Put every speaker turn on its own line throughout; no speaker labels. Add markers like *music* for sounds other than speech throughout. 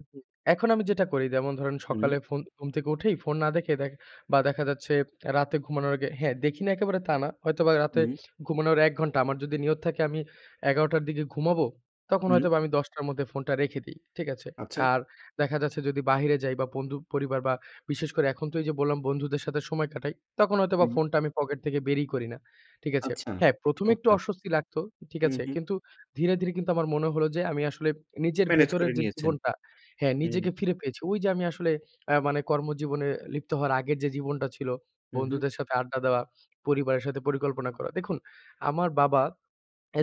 উ হু, এখন আমি যেটা করি যেমন ধরেন
হুম।
সকালে ফোন ঘুম থেকে উঠেই ফোন না দেখ বা দেখা যাচ্ছে রাতে ঘুমানোর আগে হ্যাঁ দেখি না একেবারে তা না। হয়তোবা রাতে
হুম।
ঘুমানোর ১ ঘন্টা। আমার যদি নিয়ত থাকে আমি ১১ঃ০০ র দিকে ঘুমাবো তখন
হুম।
হয়তোবা আমি ১০ঃ০০ র মধ্যে ফোনটা রেখে দেই। ঠিক আছে?
আচ্ছা।
আর দেখা যাচ্ছে যদি বাহিরে যাই বা বন্ধু, পরিবার বা বিশেষ করে এখন তো এইযে বললাম, বন্ধুদের সাথে কাটাই। তখন হয়তোবা
হুম।
ফোনটা আমি পকেট থেকে বেরই করি না। ঠিক আছে?
আচ্ছা
হ্যাঁ, ১ম এ একটু
চমৎকার!
অস্বস্তি লাগতো। ঠিক
হু,
আছে?
হু।
কিন্তু ধীরে, ধীরে কিন্তু আমার মনে হলো যে আমি আসলে নিজের
মেনেজ
ভেতরের
করে
যে
নিয়েছেন।
জীবনটা হ্যাঁ
হুম।
নিজেকে ফিরে পেয়েছি। ওইযে আমি আসলে আ মানে কর্মজীবনে লিপ্ত হওয়ার আগের যে জীবনটা ছিল
হুম, হু।
বন্ধুদের সাথে আড্ডা দেওয়া, পরিবারের সাথে পরিকল্পনা করা। দেখুন, আমার বাবা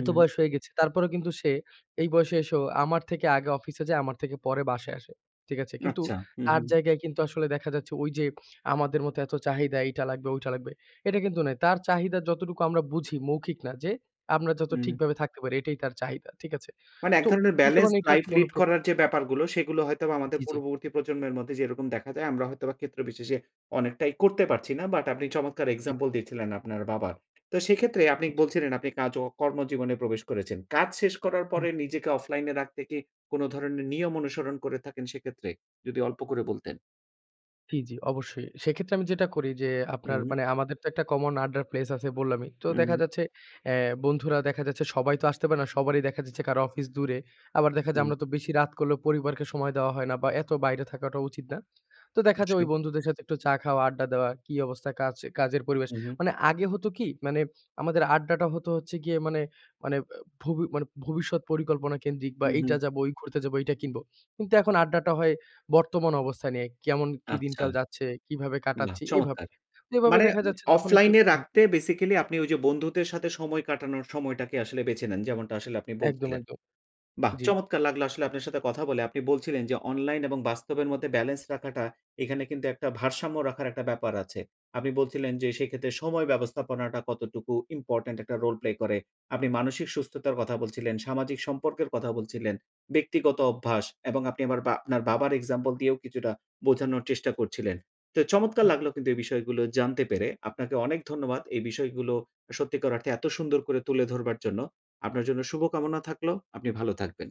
এত বয়স হয়ে গেছে। তারপরেও কিন্তু সে এই বয়সে এসো আমার থেকে আগে অফিসে যায়, আমার থেকে পরে বাসায় আসে। ঠিক আছে? কিন্তু
আচ্ছা, হু,
তার
হু।
জায়গায় কিন্তু আসলে দেখা যাচ্ছে ওইযে আমাদের মতো এত চাহিদা এইটা লাগবে ঐটা লাগবে। এটা কিন্তু নয়। তার চাহিদা যতটুকু আমরা বুঝি মৌখিক না যে আমরা যত
হুম।
ঠিকভাবে থাকতে পারি এটাই তার চাহিদা। ঠিক আছে?
মানে এক
তো
ধরনের
বলতে
বেলেন্স
পারেন
লাইফ লিড
*unintelligible*
করার যে ব্যাপারগুলো সেগুলো হয়তোবা আমাদের
জি, জি।
পূর্ববর্তী প্রজন্মের মধ্যে যেরকম দেখা যায় আমরা হয়তোবা ক্ষেত্রবিশেষে অনেকটাই করতে পারছি না। বাট আপনি চমৎকার
ই
এক্সাম্পল দিয়েছিলেন আপনার বাবার। তো সেক্ষেত্রে আপনি
জি।
বলছিলেন আপনি কাজ অ কর্মজীবনে প্রবেশ করেছেন। কাজ শেষ করার
হুম।
পরে নিজেকে অফলাইন এ রাখতে কি কোনো ধরনের নিয়ম অনুসরণ করে থাকেন সেক্ষেত্রে, যদি অল্প করে বলতেন?
জি, জি অবশ্যই। সেক্ষেত্রে আমি যেটা করি যে আপনার
হুম।
মানে আমাদের তো একটা কমন আড্ডার প্লেস আছে বললামই। তো দেখা
হু।
যাচ্ছে এ বন্ধুরা দেখা যাচ্ছে সবাই তো আসতে পারে না। সবারই দেখা যাচ্ছে কারো অফিস দূরে। আবার দেখা যায়
হুম।
আমরা তো বেশি রাত করলে পরিবারকে সময় দেওয়া হয় না বা এত বাইরে থাকাটা উচিত না। তো দেখা যায় ওই
অবশ্যই।
বন্ধুদের সাথে একটু চা খাওয়া, আড্ডা দেওয়া। কি অবস্থা কাজ কাজের পরিবেশ।
হু, হু।
মানে আগে হতো কি? মানে আমাদের আড্ডাটা হতো হচ্ছে গিয়ে মানে, মানে ব ভবি মানে ভবিষ্যৎ পরিকল্পনা কেন্দ্রিক বা
হুম, হু।
এইটা যাব ঐ ঘুরতে যাবো এইটা কিনব। কিন্তু এখন আড্ডাটা হয় বর্তমান অবস্থা নিয়ে কেমন কি
আচ্ছা।
দিনকাল যাচ্ছে, কিভাবে
বাহ!
কাটাচ্ছি এভাবে।
চমৎকার!
এভাবে
মানে
দেখা
এ
যাচ্ছে যখন একটু
অফলাইন এ
হু।
রাখতে বেসিক্যালি আপনি ওইযে বন্ধুদের সাথে সময় কাটানোর সময়টাকে আসলে বেছে নেন যেমনটা আসলে আপনি
একদম,
বলছিলেন।
একদম
বাহ!
জ্বি।
চমৎকার লাগলো আসলে আপনার সাথে কথা বলে। আপনি বলছিলেন যে অনলাইন এবং বাস্তবের মধ্যে বেলেন্স রাখাটা এখানে কিন্তু একটা ভারসাম্য রাখার একটা ব্যাপার আছে। আপনি বলছিলেন যে সেক্ষেত্রে সময় ব্যবস্থাপনাটা কতটুকু ইম্পোর্টেন্ট একটা রোল প্লে করে। আপনি মানসিক সুস্থতার কথা বলছিলেন, সামাজিক সম্পর্কের কথা বলছিলেন। ব্যক্তিগত অভ্যাস এবং আপনি বা আপনার বাবার এক্সাম্পল দিয়েও কিছুটা বোঝানোর চেষ্টা করছিলেন। তো চমৎকার
হু।
লাগলো কিন্তু এই বিষয়গুলো জানতে পেরে আপনাকে অনেক ধন্যবাদ। এই বিষয়গুলো সত্যিকার অর্থে এত সুন্দর করে তুলে ধরবার জন্য। আপনার জন্য শুভকামনা থাকলো। আপনি ভালো থাকবেন।